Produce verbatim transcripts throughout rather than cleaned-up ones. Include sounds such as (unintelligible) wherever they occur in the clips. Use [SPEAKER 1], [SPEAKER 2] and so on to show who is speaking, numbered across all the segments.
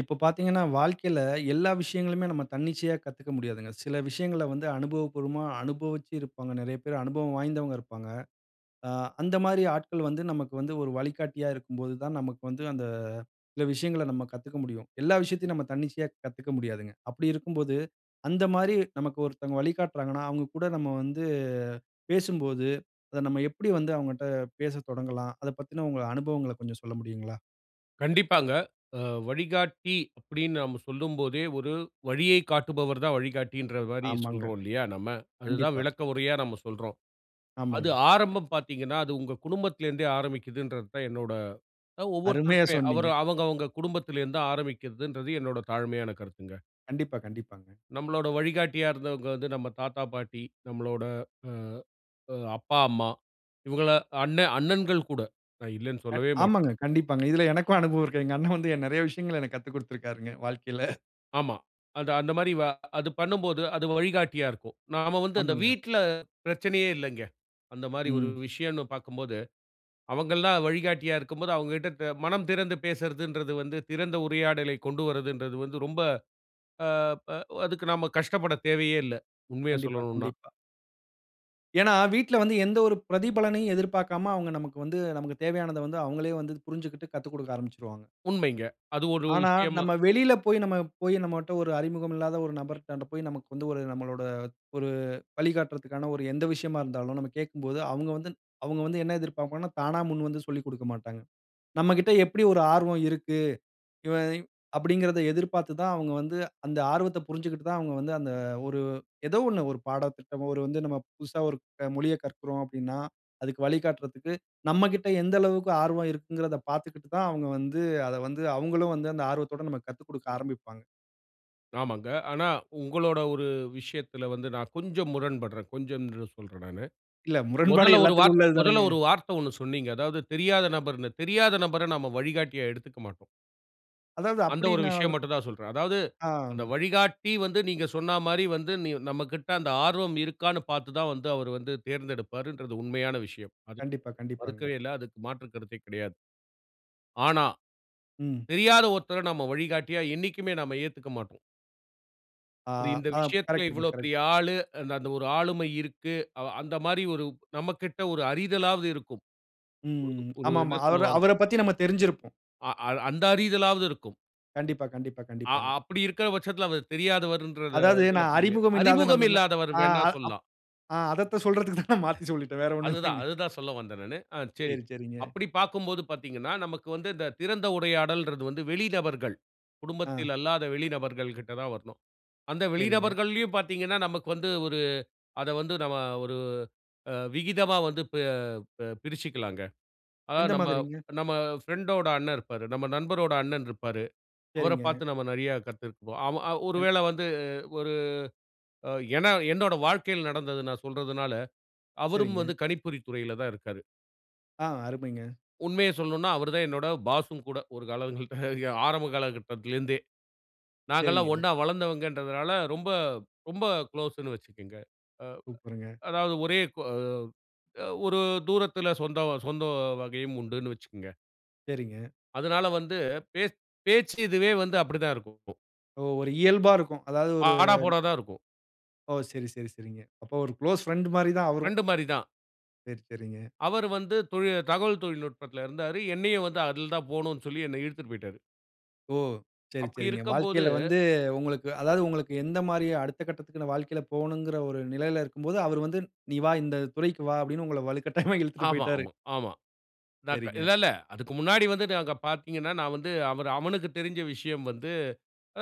[SPEAKER 1] இப்ப பார்த்தீங்கனா, வாழ்க்கையில எல்லா விஷயங்களுமே நம்ம தன்னிச்சையா கத்துக்க முடியாதுங்க. சில விஷயங்கள வந்து அனுபவ பூர்வமா அனுபவிச்சு இருப்பாங்க நெறைய பேர், அனுபவம் வாய்ந்தவங்க இருப்பாங்க. ஆ அந்த மாரி ஆட்கள் வந்து நமக்கு வந்து ஒரு வழிகாட்டியா இருக்கு போது தான், நமக்கு வந்து அந்த சில விஷயங்கள நம்ம கத்துக்க முடியும். எல்லா விஷயத்தையும் நம்ம தன்னிச்சையா கத்துக்க முடியாதுங்க. அப்படி இருக்கும் போது, அந்த மாரி நமக்கு ஒருத்தங்க வழிகாட்றாங்கன்னா, அவங்க கூட நம்ம வந்து பேசும்போது அத நம்ம எப்படி வந்து அவங்கட்ட பேச தொடங்கலாம்? அத பத்தின உங்க அனுபவங்கள கொஞ்ச சொல்ல முடியுங்களா?
[SPEAKER 2] கண்டிப்பாங்க. அ "வழிகாட்டி" அப்படீன்னு நாம சொல்லும்போதே, ஒரு வழியைக் காட்டுபவர் தான் வழிகாட்டின்ற மாரி
[SPEAKER 1] ஆமாங்க.
[SPEAKER 2] சொல்றோம் இல்லையா நம்ம? அதுதான்
[SPEAKER 1] கண்டிப்பா.
[SPEAKER 2] விளக்க உரையா நாம சொல்றோம். அது
[SPEAKER 1] ஆமாங்க.
[SPEAKER 2] ஆரம்பம் பார்த்தீங்கன்னா, அது உங்க குடும்பத்திலேருந்தே ஆரம்பிக்குதுன்றது தான் என்னோட அ
[SPEAKER 1] அருமையா
[SPEAKER 2] ஒவ்வொருத்தருக்கு
[SPEAKER 1] சொன்னீங்க.
[SPEAKER 2] அவரு அவங்கவங்க குடும்பத்திலேருந்து ஆரம்பிக்கிறதுன்றது என்னோட தாழ்மையான கருத்துங்க.
[SPEAKER 1] கண்டிப்பா, கண்டிப்பாங்க.
[SPEAKER 2] நம்மளோட வழிகாட்டியா இருந்தவங்க வந்து நம்ம தாத்தா- பாட்டி, நம்மளோட அ இப்ப, அப்பா- அம்மா இவங்கள அண்ணன் அண்ணன்கள் கூட. நா இல்லைன்னு
[SPEAKER 1] அ
[SPEAKER 2] சொல்லவே
[SPEAKER 1] ஆமாங்க,
[SPEAKER 2] மாட்டேன்.
[SPEAKER 1] கண்டிப்பாங்க. இதுல எனக்கும் அனுபவம் இருக்குதுங்க. எங்க அண்ணன் வந்து அ நெறைய விஷயங்கள எனக்கு கத்துக் குடுத்திருக்கிறாருங்க வாழ்க்கையில. (chuckles)
[SPEAKER 2] ஆமா, அது அந்த மாரி வ அது பண்ணும்போது, அது வழிகாட்டியா இருக்கும். நாம வந்து அந்த
[SPEAKER 1] ஆமாங்க.
[SPEAKER 2] வீட்ல பிரச்சனையே இல்லங்க. அந்த மாரி ஒரு
[SPEAKER 1] ம்.
[SPEAKER 2] விஷயன்னு பார்க்கும்போது, அவுங்கல்லாம் வழிகாட்டியா இருக்கும்போது அவுங்ககிட்ட பே மனம் திறந்து பேசுறதுன்றது வந்து திறந்த உரையாடலைக் கொண்டு வர்றதுன்றது வந்து ரொம்ப ஆ, ப அதுக்கு நம்ம கஷ்டப்படத் தேவையே இல்ல. உண்மைய
[SPEAKER 1] கண்டிப்பா,
[SPEAKER 2] சொல்லணுன்னா.
[SPEAKER 1] கண்டிப்பா. ஏன்னா, வீட்ல வந்து எந்த ஒரு பிரதிபலனையும் எதிர்பார்க்காம, அவுங்க நமக்கு வந்து நமக்கு தேவையானத வந்து அவுங்களே வந்து புரிஞ்சுக்கிட்டு, கத்துக்கொடுக்க ஆரம்பிச்சிருவாங்க.
[SPEAKER 2] உண்மைங்க. அது ஒரு
[SPEAKER 1] ஆனா,
[SPEAKER 2] விஷயமா!
[SPEAKER 1] நம்ம வெளியில போய் நம்ம போய் நம்மகிட்ட ஒரு அறிமுகம் இல்லாத ஒரு நபர்ட்டான்ட் போய் நமக்கு வந்து ஒரு நம்மளோட ஒரு வழிகாட்டுறக்கான ஒரு எந்த விஷயமா இருந்தாலும், நம்ம கேட்கும்போது அவுங்க வந்து அவங்க வந்து என்ன எதிர்ப்ப்பாங்கன்னா, தானா முன்வந்து சொல்லிக் கொடுக்க மாட்டாங்க. நம்மக்கிட்ட எப்பிடி ஒரு ஆர்வம் இருக்கு. இவன் அப்பிடிங்கிறத எதிர்பார்த்து தான் அவுங்க வந்து அந்த ஆர்வத்த புரிஞ்சுக்கிட்டு தான், அவுங்க வந்து அந்த ஒரு ஏதோ ஒன்னு ஒரு பாடத்திட்டமோ, ஒரு வந்து நம்ம புதுசா ஒரு மொழியக் கற்கிறோம் அப்பிடின்னா, அதுக்கு வழிகாட்டுறதுக்கு நம்மக்கிட்ட எந்த அளவுக்கு ஆர்வம் இருக்குங்கிறத பார்த்துக்கிட்டு தான் அவுங்க வந்து அத வந்து அவுங்களும் வந்து அந்த ஆர்வத்தோட நமக்கு கத்துக்கொடுக்க ஆரம்பிப்பாங்க.
[SPEAKER 2] ஆமாங்க. ஆனா, உங்களோட ஒரு விஷயத்துல வந்து நான் கொஞ்சம் முரண்படுறேன். கொஞ்சம்ன்னு சொல்றேன் நானு.
[SPEAKER 1] இல்ல, முரண்பாடு
[SPEAKER 2] முதல்ல ஒரு
[SPEAKER 1] எல்லாத்துக்கும்
[SPEAKER 2] வார்த்தை,
[SPEAKER 1] உள்ளது தானங்க.
[SPEAKER 2] முதல்ல ஒரு வார்த்தை ஒன்னு சொன்னீங்க. அதாவது தெரியாத நபர்ன்னு "தெரியாத நபர நாம வழிகாட்டியா எடுத்துக்க மாட்டோம்."
[SPEAKER 1] அதாவது
[SPEAKER 2] அந்த ஒரு
[SPEAKER 1] அப்படின்னா
[SPEAKER 2] விஷயம் மட்டும் தான் சொல்றேன். அதாவது, அந்த
[SPEAKER 1] ஆ,
[SPEAKER 2] வழிகாட்டி வந்து நீங்க சொன்ன மாரி வந்து, நி நம்மகிட்ட அந்த ஆர்வம் இருக்கான்னு பார்த்து தான் வந்து, அவரு வந்து தேர்ந்தெடுப்பாருன்றது உண்மையான விஷயம். அது
[SPEAKER 1] கண்டிப்பா, கண்டிப்பாங்க.
[SPEAKER 2] மறுக்கவே இல்ல. அதற்கு மாற்று கருத்தே கிடையாது. ஆனா,
[SPEAKER 1] ம்.
[SPEAKER 2] தெரியாத ஒருத்தரை நாம வழிகாட்டியா என்னைக்குமே நாம ஏத்துக்க மாட்டோம்.
[SPEAKER 1] ஆ,
[SPEAKER 2] இந்த
[SPEAKER 1] ஆம்.
[SPEAKER 2] விஷயத்துல
[SPEAKER 1] கரெக்ட்டுங்க,
[SPEAKER 2] "இவ்வளோ
[SPEAKER 1] கரெக்ட்டுங்க.
[SPEAKER 2] பெரிய ஆளு, அந்த ஒரு ஆளுமை இருக்கு" அவ அந்த மாதிரி ஒரு நம்மகிட்ட ஒரு அறிதலாவது இருக்கும்.
[SPEAKER 1] ம்.
[SPEAKER 2] ஒரு
[SPEAKER 1] ஆமா,
[SPEAKER 2] ஒரு
[SPEAKER 1] ஆமா.
[SPEAKER 2] என்ன
[SPEAKER 1] அவரு
[SPEAKER 2] சொல்லுவாங்க
[SPEAKER 1] அவரைப் பத்தி நம்ம தெரிஞ்சிருப்போம்.
[SPEAKER 2] அ அ அந்த அறிதலாவது இருக்கும்.
[SPEAKER 1] கண்டிப்பா, கண்டிப்பா,
[SPEAKER 2] அ
[SPEAKER 1] கண்டிப்பாங்க.
[SPEAKER 2] அப்படி இருக்குற பட்சத்துல அவ தெரியாதவர்ன்றத
[SPEAKER 1] அதாவது
[SPEAKER 2] இதுல
[SPEAKER 1] நான்
[SPEAKER 2] போக முடியாது.
[SPEAKER 1] அறிமுகம் இல்லாத
[SPEAKER 2] "அறிமுகம்
[SPEAKER 1] நபர்னு
[SPEAKER 2] இல்லாதவர்"
[SPEAKER 1] அ
[SPEAKER 2] வேணா
[SPEAKER 1] அப்
[SPEAKER 2] சொல்லலாம்.
[SPEAKER 1] அ அதத்த சொல்றதுக்கு தான் நான் மாத்தி சொல்லிட்டேன். வேற ஒன்னும்
[SPEAKER 2] அதுதான்,
[SPEAKER 1] இல்லங்க.
[SPEAKER 2] அதுதான் சொல்ல வந்தேன் நானு. ஆ சரி.
[SPEAKER 1] சேரி, சேரிங்க.
[SPEAKER 2] அப்படி பார்க்கும்போது பார்த்தீங்கன்னா, நமக்கு வந்து இந்த திறந்த உடையாடல்ங்கறது வந்து வெளிநபர்கள்,
[SPEAKER 1] ஆ.
[SPEAKER 2] குடும்பத்தில் அல்லாத வெளி நபர்கள் கிட்ட தான் வரணும். அந்த
[SPEAKER 1] சேரிங்க.
[SPEAKER 2] வெளிநபர்கள்லயும் பார்த்தீங்கன்னா, நமக்கு வந்து ஒரு அதை வந்து நம்ம ஒரு அ விகிதமா வந்து பெ பெ பிரிச்சுக்கலாங்க. அதாவது,
[SPEAKER 1] எந்த
[SPEAKER 2] நம்ம
[SPEAKER 1] மாதிரிங்க?
[SPEAKER 2] நம்ம பிரெண்டோட அண்ணன் இருப்பாரு. நம்ம நண்பரோட அண்ணன் இருப்பாரு. அவரைப்
[SPEAKER 1] சேரிங்க.
[SPEAKER 2] பார்த்து நம்ம நிறைய கத்திருக்கோம். ஒரு
[SPEAKER 1] கண்
[SPEAKER 2] வேளை வந்து ஒரு அ ஏன்னா என்னோட வாழ்க்கையில நடந்தது நான் சொல்றதுனால, அவரும்
[SPEAKER 1] சரிங்க.
[SPEAKER 2] வந்து கணிப்பொறித் துறையில தான் இருக்காரு.
[SPEAKER 1] ஆ அருமைங்க.
[SPEAKER 2] உண்மைய சொல்லனும்ன்னா, அவரு தான் என்னோட பாஸும் கூட. ஒரு காலங்கள்ட்ட ய ஆரம்ப காலகட்டத்துலருந்தே. நாங்கல்லாம்
[SPEAKER 1] சரிங்க.
[SPEAKER 2] ஒண்ணா வளர்ந்தவங்கன்றதுனால, ரொம்ப ரொம்ப குளோஸுன்னு வச்சுக்கங்க. அ
[SPEAKER 1] சூப்பருங்க.
[SPEAKER 2] அதாவது ஒரே கு அ அ ஒரு தூரத்துல சொந்தம் சொந்த வகையும் உண்டுன்னு வச்சுக்கங்க.
[SPEAKER 1] சரிங்க.
[SPEAKER 2] அதனால வந்து, பேச் பேச்சு இதுவே வந்து அப்படி தான் இருக்கும்.
[SPEAKER 1] ஓ! ஒரு இயல்பா இருக்கும். அதாவது ஒரு
[SPEAKER 2] ஆடா, போடா தான் இருக்கும்.
[SPEAKER 1] ஓ! சரி சரி சரிங்க. அப்போ ஒரு குளோஸ் ஃபிரெண்டு மாரி தான் அவரும்.
[SPEAKER 2] ஃபிரெண்டு மாரிதான்.
[SPEAKER 1] சரி சரிங்க.
[SPEAKER 2] அவரு வந்து தொழி தகவல் தொழில்நுட்பத்துல இருந்தாரு. என்னையும் வந்து அதுல தான் போகணும்ன்னு சொல்லி, என்னை இழுத்துட்டு போயிட்டாரு.
[SPEAKER 1] ஓ! சரி
[SPEAKER 2] அப்படி
[SPEAKER 1] சரிங்க.
[SPEAKER 2] இருக்கும்போது
[SPEAKER 1] வாழ்க்கைல வந்து உங்களுக்கு அதாவது உங்களுக்கு எந்த மாரி அடுத்த கட்டத்துக்குன்னு வாழ்க்கைல போகணும்ங்கிற ஒரு நிலைல இருக்கும்போது, அவரு வந்து, "நீ வா. இந்த துறைக்கு வா" அப்படீன்னு உங்கள வலுக்கட்டாயமா இழுத்துட்டு
[SPEAKER 2] ஆமா
[SPEAKER 1] போய்ட்டாரு.
[SPEAKER 2] ஆமா ஆமா. ந க
[SPEAKER 1] சரிங்க.
[SPEAKER 2] இல்லல்ல, அதுக்கு முன்னாடி வந்து நாங்க பார்த்தீங்கன்னா, நான் வந்து அவரு அவனுக்கு தெரிஞ்ச விஷயம் வந்து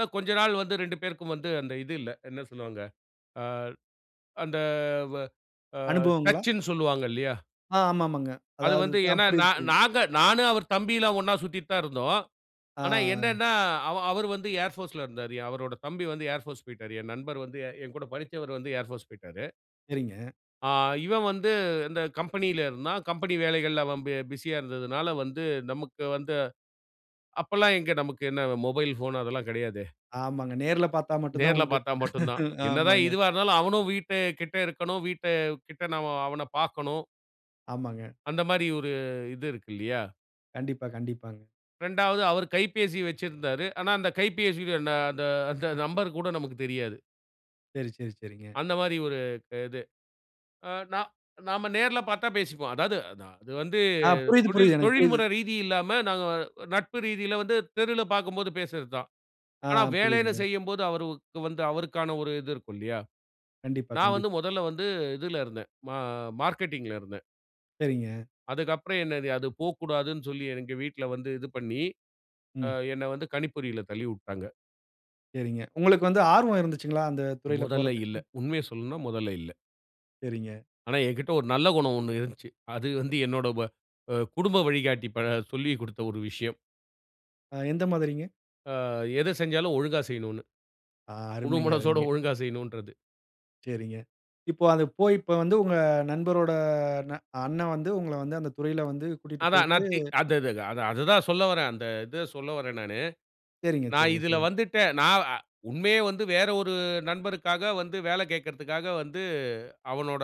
[SPEAKER 2] அ கொஞ்ச நாள் வந்து ரெண்டு பேருக்கும் வந்து அந்த இது இல்ல. என்ன சொல்லுவாங்க? ஆ, அந்த வ அ
[SPEAKER 1] அனுபவங்களா?
[SPEAKER 2] டச்சுன்னு சொல்லுவாங்க இல்லையா?
[SPEAKER 1] ஆ ஆமா ஆமாங்க.
[SPEAKER 2] அது
[SPEAKER 1] அதாவது,
[SPEAKER 2] வந்து
[SPEAKER 1] ஆ
[SPEAKER 2] ஏன்னா, நா
[SPEAKER 1] புரியுது புரியுது.
[SPEAKER 2] நாங்க நானும் அவர் தம்பிலாம் ஒண்ணா சுத்திட்டு தான் இருந்தோம். ஆனா,
[SPEAKER 1] ஆ.
[SPEAKER 2] என்னன்னா அவ அவரு வந்து ஏர் போர்ஸ்ல இருந்தாரு. அவரோட தம்பி வந்து ஏர் போர்ஸ் போய்ட்டாரு. என் நண்பர் வந்து என்கூட படிச்சவரு வந்து ஏர் போர்ஸ் போய்ட்டாரு.
[SPEAKER 1] சரிங்க.
[SPEAKER 2] ஆ. இவன் வந்து இந்த கம்பெனில இருந்தான். கம்பெனி வேலைகள்ல அவன் பி பிசியா இருந்ததுனால வந்து, நமக்கு வந்து அப்பெல்லாம் எங்க நமக்கு என்ன, மொபைல் ஃபோன் அதெல்லாம் கெடையாதே.
[SPEAKER 1] ஆமாங்க. நேர்ல பார்த்தா மட்டும் தான்
[SPEAKER 2] நேர்ல
[SPEAKER 1] உண்டு.
[SPEAKER 2] பார்த்தா மட்டுந்தான்.
[SPEAKER 1] (laughs)
[SPEAKER 2] என்னதான்
[SPEAKER 1] ஆமாங்க.
[SPEAKER 2] இதுவா இருந்தாலும், அவனும் வீட்டு கிட்ட இருக்கணும். வீட்டு கிட்ட நா அவன பார்க்கணும்.
[SPEAKER 1] ஆமாங்க.
[SPEAKER 2] அந்த மாரி ஒரு இது இருக்கு இல்லையா?
[SPEAKER 1] கண்டிப்பா, கண்டிப்பாங்க.
[SPEAKER 2] ரெண்டாவது அவரு கைபேசி வச்சிருந்தாரு. ஆனா, அந்த கைபேசி அந்த அந்த அந்த நம்பர் கூட நமக்கு தெரியாது.
[SPEAKER 1] சரி, சரி, சரிங்க.
[SPEAKER 2] அந்த மாரி ஒரு க இது. ஆ நா நாம நேர்ல பார்த்தா பேசிக்குவோம். அதாவது, அது அது வந்து
[SPEAKER 1] அ புரியுது,
[SPEAKER 2] தொழில்
[SPEAKER 1] புரியுது. எனக்கு புரியுது.
[SPEAKER 2] தொழில்முறை ரீதி இல்லாம, நாங்க நட்பு ரீதியில வந்து தெருவில பாக்கும்போது பேசுறது தான்.
[SPEAKER 1] ஆ
[SPEAKER 2] ஆனா வேலைன்னு
[SPEAKER 1] புரியுதுங்க.
[SPEAKER 2] செய்யும்போது, அவருக்கு வந்து அவருக்கான ஒரு இது இருக்கும் இல்லையா?
[SPEAKER 1] கண்டிப்பா,
[SPEAKER 2] நான் வந்து
[SPEAKER 1] கண்டிப்பா.
[SPEAKER 2] மொதல்ல வந்து இதுல இருந்தேன். மா மார்க்கெட்டிங்ல இருந்தேன்.
[SPEAKER 1] சரிங்க.
[SPEAKER 2] அதுக்கப்புறம் என்னது? அது போக்கூடாதுன்னு சொல்லி, எங்க வீட்ல வந்து இது பண்ணி, ஆ
[SPEAKER 1] ம்.
[SPEAKER 2] என்ன வந்து கணிப்பொறியில தள்ளி வுட்டாங்க.
[SPEAKER 1] சரிங்க. உங்களுக்கு வந்து ஆர்வம் இருந்துச்சுங்களா? அந்த துறையில
[SPEAKER 2] மொதல்ல
[SPEAKER 1] போறதுக்கு?
[SPEAKER 2] இல்ல. உண்மைய சொல்லணும்னா மொதல்ல இல்ல.
[SPEAKER 1] சரிங்க.
[SPEAKER 2] ஆனா, என்கிட்ட ஒரு நல்ல குணம் ஒண்ணு இருந்துச்சு. அது வந்து என்னோட வ அ குடும்ப வழிகாட்டி ப சொல்லி குடுத்த ஒரு விஷயம்.
[SPEAKER 1] ஆ. எந்த மாதிரிங்க?
[SPEAKER 2] ஆ. எது செஞ்சாலும் ஒழுங்கா செய்யணும்ன்னு.
[SPEAKER 1] ஆ
[SPEAKER 2] முழு
[SPEAKER 1] அருமைங்க!
[SPEAKER 2] மனசோட
[SPEAKER 1] அருமைங்க!
[SPEAKER 2] ஒழுங்கா செய்யணுன்றது.
[SPEAKER 1] சரிங்க. இப்போ அது போய், இப்ப வந்து உங்க நண்பரோட ந அண்ணன் வந்து உங்கள வந்து, அந்த துறையில வந்து கூட்டிட்டு
[SPEAKER 2] அதான்.
[SPEAKER 1] போய்ட்டு
[SPEAKER 2] நான் தி அந்தது அது அது அது தான் சொல்ல வர்றேன். அந்த இத சொல்ல வர்றேன் நானு.
[SPEAKER 1] சரிங்க,
[SPEAKER 2] நான்
[SPEAKER 1] சரிங்க.
[SPEAKER 2] இதுல
[SPEAKER 1] சொல்லுங்க.
[SPEAKER 2] வந்துட்டு நான் அ உண்மையே வந்து வேற ஒரு நண்பருக்காக வந்து வேலை கேட்கறதுக்காக வந்து, அவனோட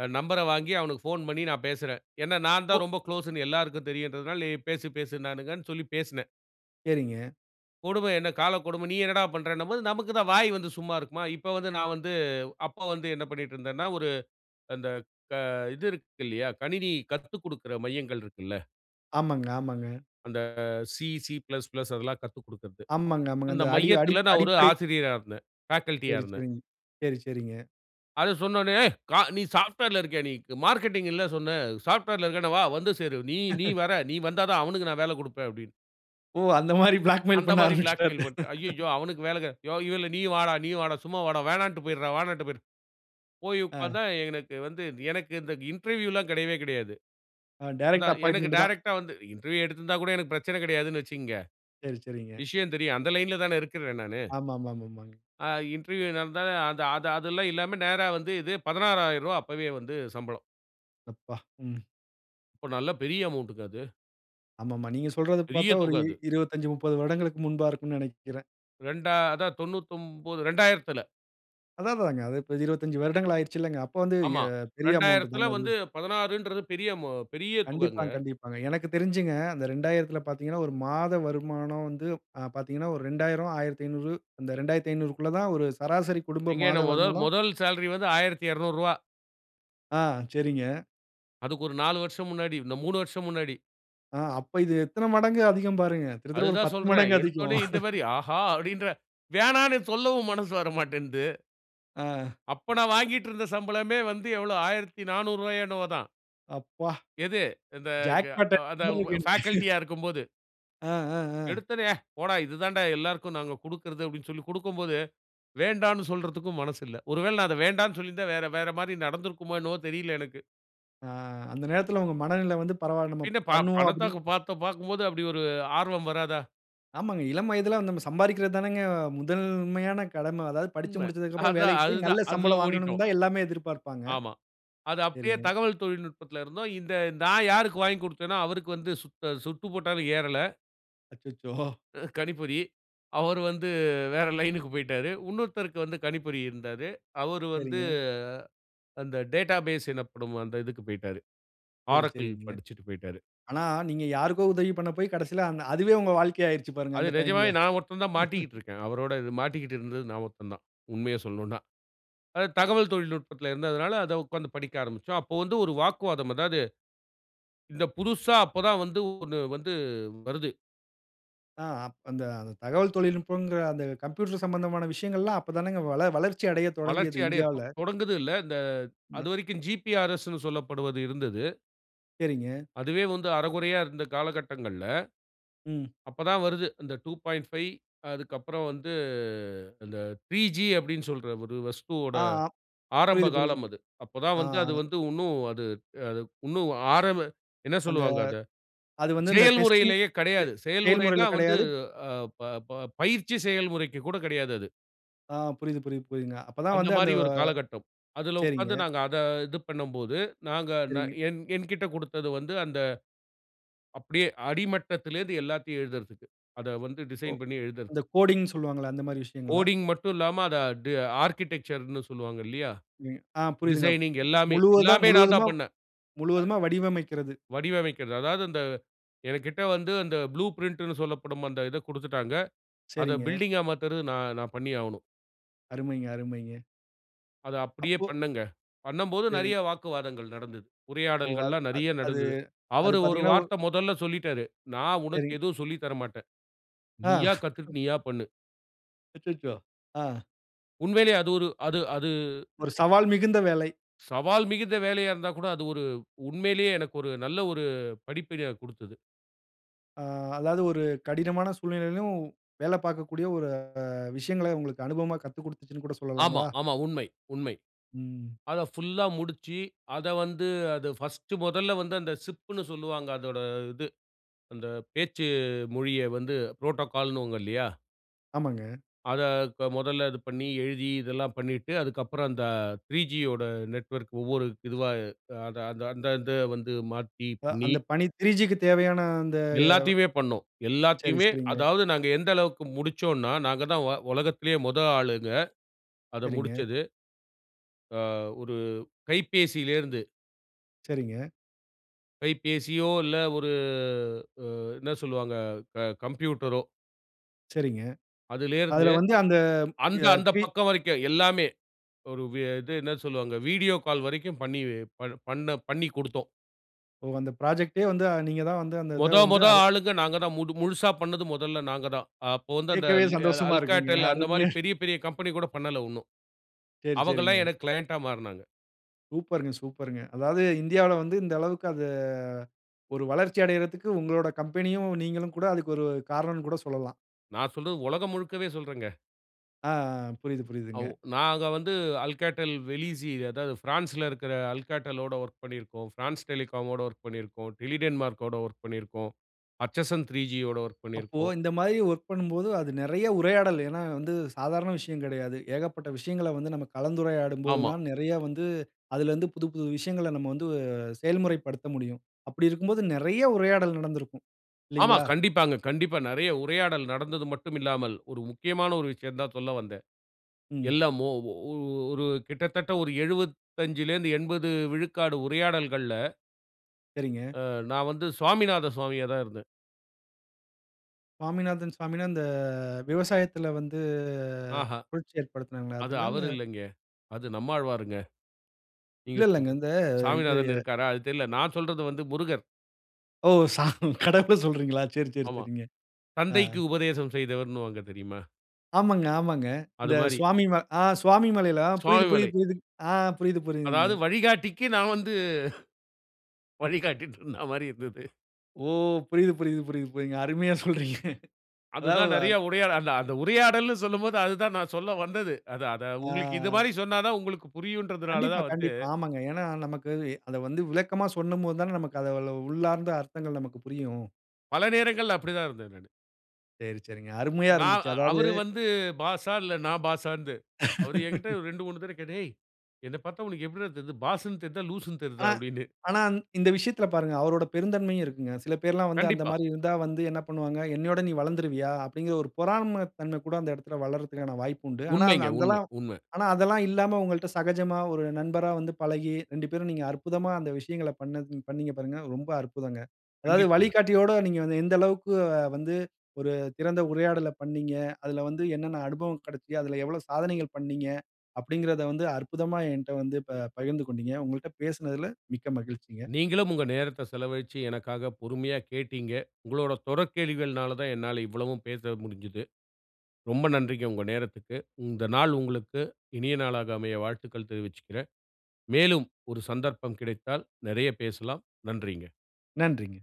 [SPEAKER 2] அ நம்பர வாங்கி அவனுக்கு ஃபோன் பண்ணி நான் பேசுறேன். ஏன்னா, நான்
[SPEAKER 1] ஓ!
[SPEAKER 2] தான் ரொம்ப குளோஸ்ன்னு எல்லாருக்கும் தெரியுன்றதனால, நீ பேசு, பேசுனுன்னாங்கன்னு சொல்லி பேசுனேன்.
[SPEAKER 1] சரிங்க.
[SPEAKER 2] கொடும என்ன காலக்கொடும? நீ என்னடா பண்றன்னும்போது, நமக்கு தான் வாய் வந்து சும்மா இருக்குமா? இப்ப வந்து நான் வந்து அப்ப வந்து என்ன பண்ணீட்டுருந்தேன்னா, ஒரு அந்த க இது இருக்கு இல்லையா? கணினி கத்துக் குடுக்குற மையங்கள் இருக்குல்ல?
[SPEAKER 1] ஆமாங்க. ஆமாங்க.
[SPEAKER 2] அந்த சி, சி பிளஸ் பிளஸ் அதெல்லாம் கத்து குடுக்கறது.
[SPEAKER 1] ஆமாங்க. ஆமாங்க.
[SPEAKER 2] அந்த
[SPEAKER 1] அந்த அடி
[SPEAKER 2] மையத்துல
[SPEAKER 1] அடிப்
[SPEAKER 2] நான் ஒரு
[SPEAKER 1] அடிப்படை
[SPEAKER 2] ஆசிரியரா இருந்தேன். ஃபேகல்டியா
[SPEAKER 1] சரி,
[SPEAKER 2] இருந்தேன்.
[SPEAKER 1] சரிங்க. சரி, சரிங்க.
[SPEAKER 2] அதை சொன்னவுடனே. "ஏய்! க நீ சாஃப்ட்வேர்ல இருக்கியா நீ? மார்க்கெட்டிங் இல்ல சொன்ன, சாஃப்ட்வேர்ல இருக்கன்னா வா. வந்து சேரு. நீ நீ
[SPEAKER 1] (chuckles)
[SPEAKER 2] வர. நீ வந்தா தான், அவனுக்கு நான் வேலை குடுப்பேன்." அப்படீன்னு.
[SPEAKER 1] ஓ! அந்த மாரி பிளாக்மெயில்
[SPEAKER 2] அந்த
[SPEAKER 1] பண்ண
[SPEAKER 2] மாரி
[SPEAKER 1] ஆரம்பிச்சுட்டாரு.
[SPEAKER 2] பிளாக்மெயில் பண்ட்டேன். அய்யயோ!
[SPEAKER 1] (chuckles)
[SPEAKER 2] அவனுக்கு வேலை கெ "யோ இல்ல நீயும் வாடா நீயும் வாடா, சும்மா வாடா. வேணான்ட்டு போயிருடா வேணான்ட்டு போயிரு". போய்
[SPEAKER 1] அ.
[SPEAKER 2] உட்கார்ந்தா எனக்கு வந்து எனக்கு இந்த இன்டர்வியூலாம் கிடையவே கிடையாது.
[SPEAKER 1] அ டைரக்ட்டு
[SPEAKER 2] அதான், எனக்கு
[SPEAKER 1] அப்பாயின்ட்மென்ட்டு தான்.
[SPEAKER 2] டைரக்ட்டா வந்து இன்டர்வியூ எடுத்திருந்தா கூட எனக்கு பிரச்சனை கிடையாதுன்னு வச்சிக்கங்க.
[SPEAKER 1] சரி சரிங்க.
[SPEAKER 2] விஷயம் தெரியும். அந்த லைன்ல தான இருக்குறேன் நானு.
[SPEAKER 1] ஆமா ஆமா ஆமாங்க.
[SPEAKER 2] அ இன்டர்வியூ இல்லாமதான் அது அது அதெல்லாம் இல்லாம நேரா வந்து இது, பதினாராயிரம் ரூவா அப்பவே வந்து சம்பளம்.
[SPEAKER 1] எப்பா! ம்.
[SPEAKER 2] அப்போ நல்ல பெரிய அமௌண்ட்டுங்க அது.
[SPEAKER 1] ஆமாமா. நீங்க சொல்றத
[SPEAKER 2] பெரிய
[SPEAKER 1] பார்த்தா ஒரு
[SPEAKER 2] தொகை அது.
[SPEAKER 1] இருவத்தஞ்சு, முப்பது வருடங்களுக்கு முன்பா இருக்கும்ன்னு நினைக்கிறேன்.
[SPEAKER 2] ரெண்டா அதா தொண்ணூத்தொம்போது, ரெண்டாயிரத்துல.
[SPEAKER 1] அதான் அதாங்க. அது இப்ப இருவத்தஞ்சு வருடங்கள் ஆயிடுச்சில்லங்க? அப்போ வந்து
[SPEAKER 2] ஆமா.
[SPEAKER 1] எ பெரிய அமௌண்ட்டு
[SPEAKER 2] ரெண்டாயிரத்துல
[SPEAKER 1] தாங்க அது.
[SPEAKER 2] வந்து பதினாறுன்றது பெரிய அமௌ பெரிய தொகைங்க.
[SPEAKER 1] கண்டிப்பாங், கண்டிப்பாங்க. எனக்கு தெரிஞ்சிங்க, அந்த ரெண்டாயிரத்துல பார்த்தீங்கன்னா, ஒரு மாத வருமானம் வந்து, அ பார்த்தீங்கன்னா, ஒரு ரெண்டாயிரம், ஆயிரத்தைநூறு, அந்த ரெண்டாயிரத்தைநூறுக்குள்ள தான் ஒரு சராசரி குடும்ப
[SPEAKER 2] எங்க
[SPEAKER 1] மாத
[SPEAKER 2] என்ன மொதல்
[SPEAKER 1] வருமானம்.
[SPEAKER 2] மொதல் சேலரி வந்து ஆயிரத்தி எரநூறுவா.
[SPEAKER 1] ஆ, சரிங்க.
[SPEAKER 2] அதுக்கு ஒரு நாலு வருஷம் முன்னாடி (unintelligible) மூணு வருஷம் முன்னாடி.
[SPEAKER 1] ஆ, அப்போ இது எத்தன மடங்கு அதிகம் பாருங்க! கிட்டத்தட்ட ஒரு
[SPEAKER 2] அதுதான்
[SPEAKER 1] பத்து
[SPEAKER 2] சொல்றேன்.
[SPEAKER 1] மடங்கு அதிகம்.
[SPEAKER 2] எடுத்தோனே இந்த
[SPEAKER 1] (chuckles)
[SPEAKER 2] மாரி "ஆஹா!" அப்படின்றேன். வேணான்னு சொல்லவும் மனசு வரமாட்டேன்து.
[SPEAKER 1] ஆ.
[SPEAKER 2] அப்ப நான் வாங்கிட்டு இருந்த சம்பளமே வந்து எவ்ளோ ஆயிரத்தி நானூறு ரூவாயோ என்னமோ தான்.
[SPEAKER 1] அப்பா!
[SPEAKER 2] எது இந்த க
[SPEAKER 1] ஜாக் பட்டன்
[SPEAKER 2] அத
[SPEAKER 1] மாரி
[SPEAKER 2] வ
[SPEAKER 1] இருக்கு எனக்கு
[SPEAKER 2] பேகல்டியா இருக்கும்போது.
[SPEAKER 1] (chuckles) ஆ ஆ ஆ.
[SPEAKER 2] எடுத்தோனே "அ போடா! இது தான்டா எல்லாருக்கு நாங்க குடுக்கிறது" அப்டினு சொல்லி குடுக்குபோது, வேண்டானு சொல்றதுக்கும் மனசில்ல. ஒருவேள நான் அத வேண்டானு சொல்லியிருந்தா வேற வேற மாரி நடந்திருக்குமோ என்னவோ தெரியல எனக்கு.
[SPEAKER 1] ஆ. அந்த நேரத்தில உங்க மனநில வந்து பரவாயில்ல! நம்ம
[SPEAKER 2] பின்ன ப
[SPEAKER 1] பண்ணுவோ அப்டினு
[SPEAKER 2] பணத்தாக்கு பணத பாக்கு பார்க்குபோது அப்டி ஒரு ஆர்வம் வராதா?
[SPEAKER 1] ஆமாங்க. இளம் வயதில நம்ம சம்பாதிக்கிறது தானங்க முதல்மையான கடம. அதாவது படிச்சு
[SPEAKER 2] உண்ம.
[SPEAKER 1] முடிச்சதுக்கப்புறம்
[SPEAKER 2] அதா,
[SPEAKER 1] வேலைக்கு போய்
[SPEAKER 2] அதுதா
[SPEAKER 1] நல்ல
[SPEAKER 2] அதுல
[SPEAKER 1] சம்பளம்
[SPEAKER 2] ஓடிட்டோம்.
[SPEAKER 1] வாங்கணுனு தான் எல்லாமே எதிர்பார்ப்பாங்க.
[SPEAKER 2] ஆமா. அது அப்டியே
[SPEAKER 1] சரிங்க.
[SPEAKER 2] தகவல் தொழில்நுட்பத்துல இருந்தோம். இந்த நான் யாருக்கு வாங்கிக் குடுத்தனோ அவருக்கு வந்து சுத்த சுட்டு போட்டாலும் ஏறல.
[SPEAKER 1] அச்சச்சோ! (chuckles)
[SPEAKER 2] அ கணிப்பொறி. அவர் வந்து வேற லைனுக்கு போய்ட்டாரு. இன்னொருத்தருக்கு வந்து கணிப்பொறி இருந்தாரு. அவரு வந்து
[SPEAKER 1] சரிங்க.
[SPEAKER 2] அந்த டேட்டாபேஸ் எனப்படும் அந்த இதுக்கு போய்ட்டாரு.
[SPEAKER 1] சரி
[SPEAKER 2] Oracle
[SPEAKER 1] சரிங்க.
[SPEAKER 2] படிச்சுட்டு போயிட்டாரு.
[SPEAKER 1] ஆனா நீங்க யாருக்கோ உதவி பண்ண போய் கடசில அந் அதுவே உங்க வாழ்க்கையாயிருச்சு பாருங்க
[SPEAKER 2] அது
[SPEAKER 1] அந்த டைம்ல.
[SPEAKER 2] நிஜமாவே நான் ஒருத்தன் தான்
[SPEAKER 1] (laughs)
[SPEAKER 2] மாட்டிட்டுருக்கேன். அவரோட இது மாட்டிக்கிட்டு இருந்தது நான் ஒருத்தன் தான். உண்மைய சொல்லனுனா. அதாவது தகவல் தொழில்நுட்பத்துல இருந்ததனால அத உட்காந்து படிக்க ஆரம்பிச்சோம். அப்போ வந்து ஒரு வாக்குவாதம் அதாவது, இந்த புதுசா அப்ப தான் வந்து ஒண்ணு வந்து வருது.
[SPEAKER 1] ஆ அப் அந்த தகவல் தொழில்நுட்பங்கிற அந்த கம்ப்யூட்டர் சம்மந்தமான விஷயங்கள் எல்லாம் அப்ப தானங்க வள-வளர்ச்சி அடையத்
[SPEAKER 2] வளர்ச்சி
[SPEAKER 1] தொடங்கியது இந்தியாவுல.
[SPEAKER 2] அடையட்டும். தொடங்குது இல்ல. இந்த
[SPEAKER 1] ம்.
[SPEAKER 2] அதுவரைக்கும் ஜிபிஆர்எஸ்ன்னு சொல்லப்படுவது இருந்தது.
[SPEAKER 1] சரிங்க.
[SPEAKER 2] அதுவே வந்து அரகுறையா இருந்த காலகட்டங்கள்ல.
[SPEAKER 1] ம்.
[SPEAKER 2] அப்ப தான் வருது. அந்த டூ பாயிண்ட் ஃபை அதுக்கு அப்பறம் வந்து அந்த த்ரீ ஜீ அப்டின்னு சொல்ற ஒரு வஸ்துவோட
[SPEAKER 1] அ, ஆம்.
[SPEAKER 2] ஆரம்ப
[SPEAKER 1] புரியிது புரியிது
[SPEAKER 2] காலம்
[SPEAKER 1] புரியிது.
[SPEAKER 2] அது. அப்ப தான்
[SPEAKER 1] ஆ,
[SPEAKER 2] வந்து அது
[SPEAKER 1] அ.
[SPEAKER 2] வந்து இன்னும் அது அது இன்னும் ஆரம்ப என்ன
[SPEAKER 1] அந்த
[SPEAKER 2] சொல்வாங்க அத.
[SPEAKER 1] அது வந்து இந்த டெஸ்டிங்
[SPEAKER 2] செயல்முறையிலேயே
[SPEAKER 1] செ
[SPEAKER 2] கிடையாது.
[SPEAKER 1] செயல்முறையில
[SPEAKER 2] செயல்முறையின்னா வந்து
[SPEAKER 1] கடையாது.
[SPEAKER 2] அ, ப ப பயிற்சி செயல்முறைக்கு கூட கிடையாது அது.
[SPEAKER 1] ஆ புரியிது புரியிது புரியிதுங்க. அப்ப தான் வந்து அந்த.
[SPEAKER 2] அந்தமாரி ஒரு காலகட்டம். அதுல
[SPEAKER 1] சரிங்க.
[SPEAKER 2] உட்கார்ந்து நாங்க அத இது பண்ணும்போது, நாங்க
[SPEAKER 1] சரிங்க.
[SPEAKER 2] என் என்கிட்ட குடுத்தது வந்து அந்த அப்டியே அடிமட்டத்திலிருந்து எல்லாத்தையும் எழுதுறதுக்கு. அத வந்து
[SPEAKER 1] ஒ!
[SPEAKER 2] டிசைன் பண்ணி எழுதுறதுக்கு.
[SPEAKER 1] அந்த கோடிங்ணு சொல்வாங்கள்ல, அந்த மாதிரி விஷயங்களா?
[SPEAKER 2] கோடிங் மட்டும் இல்லாம அத ஆர்க்கிடெக்சர்ன்னு சொல்லுவாங்க இல்லயா,
[SPEAKER 1] ம். ஆ புரியிதுங்க ப்
[SPEAKER 2] டிசைனிங் எல்லாமே,
[SPEAKER 1] முழுவதா
[SPEAKER 2] எல்லாமே நான்
[SPEAKER 1] முழுவதுமா
[SPEAKER 2] தான் பண்ணேன். அ
[SPEAKER 1] முழுவதுமா வடிவமைக்கிறது.
[SPEAKER 2] வடிவமைக்கிறது. அதாவது அந்த என்கிட்ட வந்து, அந்த ப்ளூ பிரிண்ட்ணு சொல்லப்படும் அந்த இத குடுத்துட்டாங்க. அத
[SPEAKER 1] சரிங்க.
[SPEAKER 2] பில்டிங்கா மாத்துறது நான் நான் பண்ணியே ஆவணும்
[SPEAKER 1] அருமைங்க அருமைங்க.
[SPEAKER 2] அத அப்பிடியே
[SPEAKER 1] அப்போ,
[SPEAKER 2] பண்ணுங்க. பண்ணம்போது நிறைய
[SPEAKER 1] சரிங்
[SPEAKER 2] வாக்குவாதங்கள் நடந்தது.
[SPEAKER 1] ஓ! அது
[SPEAKER 2] உரையாடல்கள்லாம்
[SPEAKER 1] அது
[SPEAKER 2] நிறைய
[SPEAKER 1] அது,
[SPEAKER 2] நடந்தது.
[SPEAKER 1] அது
[SPEAKER 2] அவர் ஒரு
[SPEAKER 1] பார்த்தீங்கன்னா, ஒ
[SPEAKER 2] வார்த்தை முதல்ல சொல்லிட்டாரு. நான் உனக்கு
[SPEAKER 1] சரி.
[SPEAKER 2] எதுவும் சொல்லி தரமாட்டேன்.
[SPEAKER 1] ஆ
[SPEAKER 2] நீயா
[SPEAKER 1] (chuckles)
[SPEAKER 2] கத்துக்கிட்டு நீயா பண்ணு.
[SPEAKER 1] அச்சச்சோ! அ.
[SPEAKER 2] உண்மையிலயே அது ஒரு அது அது.
[SPEAKER 1] ஒரு சவால் மிகுந்த வேலை.
[SPEAKER 2] சவால் மிகுந்த வேலையா இருந்தாக்கூட, அது ஒரு, உண்மையிலயே எனக்கு ஒரு நல்ல ஒரு படிப்பினைய கொடுத்தது.
[SPEAKER 1] ஆ அதாவது ஒரு கடினமான சூழ்நிலையிலும் வேல பார்க்கக்கூடிய ஒரு அ விஷயங்கள உங்களுக்கு அனுபவமா கத்துக் கொடுத்துச்சுன்னு கூட
[SPEAKER 2] ஆமா
[SPEAKER 1] சொல்லலாங்களா?
[SPEAKER 2] ஆமா. உண்மை உண்மை.
[SPEAKER 1] ம்.
[SPEAKER 2] அத ஃபுல்லா முடிச்சி, அத வந்து அத ஃபர்ஸ்ட் முதல்ல வந்து, அந்த சிப்ன்னு சொல்லுவாங்க. அதோட இது. அந்த பேச்சு மொழிய வந்து புரோட்டோகால் னுவாங்க இல்லயா?
[SPEAKER 1] ஆமாங்க.
[SPEAKER 2] அத இப்ப முதல்ல இது பண்ணி எழுதி இதெல்லாம் பண்ணிட்டு, அதுக்கப்பறம் அந்த த்ரீ ஜி யோட நெட்வொர்க் ஒவ்வொரு இதுவா அத அத அந்த, இந்த வந்து மாத்தி
[SPEAKER 1] அ,
[SPEAKER 2] பண்ணி.
[SPEAKER 1] அந்த பணி த்ரீ ஜி க்கு தேவையான, அ,
[SPEAKER 2] எல்லாத்தையுமே பண்ணோம்.
[SPEAKER 1] சரி
[SPEAKER 2] எல்லாத்தையுமே
[SPEAKER 1] சரிங்க.
[SPEAKER 2] அதாவது நாங்க எந்த அளவுக்கு முடிச்சோன்னா, நாங்க தான் வ உலகத்திலயே முதல் ஆளுங்க. அத
[SPEAKER 1] சரிங்க.
[SPEAKER 2] முடிச்சது. அ, ஒரு கைப்பேசிலருந்து.
[SPEAKER 1] சரிங்க.
[SPEAKER 2] கைப்பேசியோ இல்ல ஒரு அ அ என்ன சொல்வாங்க அ கம்ப்யூட்டரோ
[SPEAKER 1] சரிங்க.
[SPEAKER 2] அதிலேருந்து
[SPEAKER 1] அதில வந்து அந்த
[SPEAKER 2] அந்த
[SPEAKER 1] யா
[SPEAKER 2] அந்த
[SPEAKER 1] தி
[SPEAKER 2] பக்கம் வரைக்கும், எல்லாமே, ஒரு இது என்ன சொல்வாங்க. வீடியோ கால் வரைக்கும் பண்ணி பண் பண்ணி குடுத்தோம்.
[SPEAKER 1] ஓ அந்த புராஜெக்டே வந்து நீங்க தான் வந்து அந்த இத
[SPEAKER 2] மொத
[SPEAKER 1] வந்து.
[SPEAKER 2] மொத
[SPEAKER 1] அரே
[SPEAKER 2] ஆளுங்க நாங்க தான். முது முழுசா பண்ணது மொதல்ல நாங்க தான். அப்போ வந்து அந்த
[SPEAKER 1] கேக்கவே
[SPEAKER 2] ல்
[SPEAKER 1] சந்தோஷமா இருக்குங்க.
[SPEAKER 2] Alcatel அந்த மாரி
[SPEAKER 1] அருமையா
[SPEAKER 2] பெரிய பெரிய கம்பெனி கூட பண்ணல உன்னும்.
[SPEAKER 1] சரி,
[SPEAKER 2] அவங்கலாம்
[SPEAKER 1] சரிங்க.
[SPEAKER 2] எனக்கு கிளையன்ட்டா மாறுனாங்க.
[SPEAKER 1] சூப்பர்ங்க சூப்பர்ங்க. அதாவது இந்தியாவுல வந்து இந்த அளவுக்கு அது ஒரு வளர்ச்சி அடையறதுக்கு உங்களோட கம்பெனியும் நீங்களும் கூட அதுக்கு ஒரு காரணனுன்னு கூட சொல்லலாம்.
[SPEAKER 2] நான் சொல்றது உலகம் முழுக்கவே சொல்றேங்க.
[SPEAKER 1] ஆ ஆ. புரியுது, புரியுதுங்க.
[SPEAKER 2] அவ் நாங்க வந்து Alcatel velizy, அதாவது பிரான்ஸ்ல இருக்கிற Alcatel லோட வொர்க் பண்ணிருக்கோம். பிரான்ஸ் Telecom மோட வொர்க் பண்ணிருக்கோம். Tele denmark கோட வொர்க் பண்ணிருக்கோம். பர்ச்சசன் த்ரீ ஜி யோட வொர்க்
[SPEAKER 1] அப்போ
[SPEAKER 2] பண்ணிருக்கோம்.
[SPEAKER 1] இந்த மாரி வொர்க் பண்ணும்போது அது நிறைய உரையாடல். ஏன்னா வந்து சாதாரண விஷயம் கிடையாது. ஏகப்பட்ட விஷயங்கள வந்து நம்ம கலந்துரையாடும்போது
[SPEAKER 2] ஆமா.
[SPEAKER 1] தான், நிறைய வந்து அதிலருந்து புது புது விஷயங்கள நம்ம வந்து செயல்முறைப்படுத்த முடியும். அப்படி இருக்கும்போது நிறைய உரையாடல் நடந்திருக்கும்.
[SPEAKER 2] ஆமா
[SPEAKER 1] இல்லைங்களா?
[SPEAKER 2] கண்டிப்பாங்க, கண்டிப்பா நிறைய உரையாடல் நடந்தது மட்டுமில்லாமல் ஒரு முக்கியமான ஒரு விஷயந்தான் சொல்ல வந்தேன்.
[SPEAKER 1] ம்.
[SPEAKER 2] எல்லா மோ ஒரு கிட்டத்தட்ட ஒரு எழுபதஞ்சுலேருந்து எண்பது விழுக்காடு உரையாடல்கள்ல
[SPEAKER 1] சரிங்க.
[SPEAKER 2] அ நான் வந்து சுவாமிநாத சுவாமியா தான் இருந்தேன்.
[SPEAKER 1] சுவாமிநாதன் சுவாமின்னா, இந்த விவசாயத்தில வந்து
[SPEAKER 2] ஆஹா,
[SPEAKER 1] புரட்சி ஏற்படுத்தினாங்களே,
[SPEAKER 2] அது
[SPEAKER 1] அதுங்களா இல்ல
[SPEAKER 2] அவரு இல்லங்க. அது நம்மாழ்வாருங்க. நீங்க
[SPEAKER 1] இல்ல, இல்லங்க.
[SPEAKER 2] சொல்றது.
[SPEAKER 1] இந்த இது
[SPEAKER 2] சாமிநாதன் இருக்காரா? அது தெர்ல. நான் சொல்றது வந்து முருகர்.
[SPEAKER 1] ஓ! சாமி! கடவுள சொல்றீங்களா! சரி, சரி,
[SPEAKER 2] ஆமா.
[SPEAKER 1] சரிங்க. அ.
[SPEAKER 2] தந்தைக்கு உபதேசம் செய்தவர்ன்னுவாங்க தெரியுமா?
[SPEAKER 1] ஆமாங்க, ஆமாங்க.
[SPEAKER 2] அது
[SPEAKER 1] இந்த
[SPEAKER 2] மாரி.
[SPEAKER 1] சுவாமி ம அ சுவாமி மலையில. அ புரியுது, புரியுது,
[SPEAKER 2] சுவாமிமலை.
[SPEAKER 1] புரியுது. அ புரியுது, புரியுதுங்க.
[SPEAKER 2] அதாவது வழிகாட்டிக்கு நான் வந்து வழிகாட்டிட்டுன்னு சொன்ன மாரி இருந்தது.
[SPEAKER 1] ஓ! புரியுது, புரியுது, புரியுது, புரியுதுங்க. அருமையா சொல்றீங்க. அதாவது
[SPEAKER 2] அதுதான் நெறைய
[SPEAKER 1] (unintelligible)
[SPEAKER 2] உடையாட, அந்த அந்த உரையாடல்ன்னு சொல்லும்போது, அதுதான் நான் சொல்ல வந்தது. அது அத உங்களுக்கு இது
[SPEAKER 1] ஆ.
[SPEAKER 2] மாரி சொன்னா தான், உங்களுக்கு புரியுன்றதுனால
[SPEAKER 1] கண்டிப்பா,
[SPEAKER 2] தான் வந்து
[SPEAKER 1] கண்டிப்பா. ஆமாங்க. ஏன்னா நமக்கு அது அத வந்து விளக்கமா சொன்னும் போது தான நமக்கு அதவள்ள உள்ளார்ந்த அர்த்தங்கள் நமக்கு புரியும்.
[SPEAKER 2] பல நேரங்கள்ல அப்படி தான் இருந்தேன் நானு.
[SPEAKER 1] சரி, சரிங்க. அருமையா
[SPEAKER 2] நா
[SPEAKER 1] இருந்துச்சு.
[SPEAKER 2] அ
[SPEAKER 1] அதாவது
[SPEAKER 2] அவர் வந்து பாஸ்ஸா, இல்ல நான் பாஸ்ஸாந்து. அவர் என்கிட்ட
[SPEAKER 1] (laughs)
[SPEAKER 2] ரெண்டு, மூணு தடவை கேட்டாரு, "ஏய்! என்னைப் பார்த்தா உனக்கு எப்படிரா தெரியுது? பாஸ்ன்னு தெரியுதா? லூஸ்ஸுன்னு தெரியுதா?"
[SPEAKER 1] ஆனா
[SPEAKER 2] அப்படீன்னு.
[SPEAKER 1] ஆனா, இந் இந்த விஷயத்தில பாருங்க அவரோட பெருந்தன்மையும் இருக்குங்க. சில பேர்லாம் வந்து அந்த
[SPEAKER 2] கண்டிப்பா.
[SPEAKER 1] மாரி இருந்தா வந்து என்ன பண்ணுவாங்க, "என்னையோட நீ வளர்ந்துருவியா?" அப்படீங்கிற ஒரு பொறாமை தன்மை கூட அந்த இடத்தில வளர்றதுக்கான வாய்ப்பு உண்டு. ஆனா, அந்
[SPEAKER 2] உண்மைங்க. உண்மை,
[SPEAKER 1] அந்தெல்லாம்
[SPEAKER 2] உண்மை.
[SPEAKER 1] ஆனா, அதெல்லாம் இல்லாம உங்கள்ட்ட சகஜமா ஒரு நண்பரா வந்து பழகி, ரெண்டு பேரும் நீங்க அற்புதமா அந்த விஷயங்களை பண்ணது பண்ணீங்க பாருங்க, ரொம்ப அற்புதங்க. அதாவது,
[SPEAKER 2] கண்டிப்பாங்க.
[SPEAKER 1] "வழிகாட்டியோட நீங்க வந்து, எந்த அளவுக்கு வந்து ஒரு திறந்த உரையாடல பண்ணீங்க, அதில வந்து என்னென்ன அனுபவம் கெடைச்சுது, அதில எவ்வளவு சாதனைகள் பண்ணினீங்க." அப்படீங்கிறதை வந்து அற்புதமா என்ட்ட வந்து ப பகிர்ந்து கொண்டீங்க. உங்கள்ட்ட பேசினதுல மிக்க மகிழ்ச்சிங்க.
[SPEAKER 2] நீங்களும் உங்க நேரத்த செலவழிச்சு, எனக்காக பொறுமையா கேட்டீங்க. உங்களோட தொடர் கேள்விகள்னால தான் என்னால இவ்வளவும் பேச முடிஞ்சுது. ரொம்ப நன்றிங்க உங்க நேரத்துக்கு. இந்த நாள் உங்களுக்கு இனிய நாளாக அமைய வாழ்த்துக்கள் தெரிவிச்சுக்கறேன். மேலும், ஒரு சந்தர்ப்பம் கிடைத்தால் நெறைய பேசலாம். நன்றிங்க.
[SPEAKER 1] நன்றிங்க.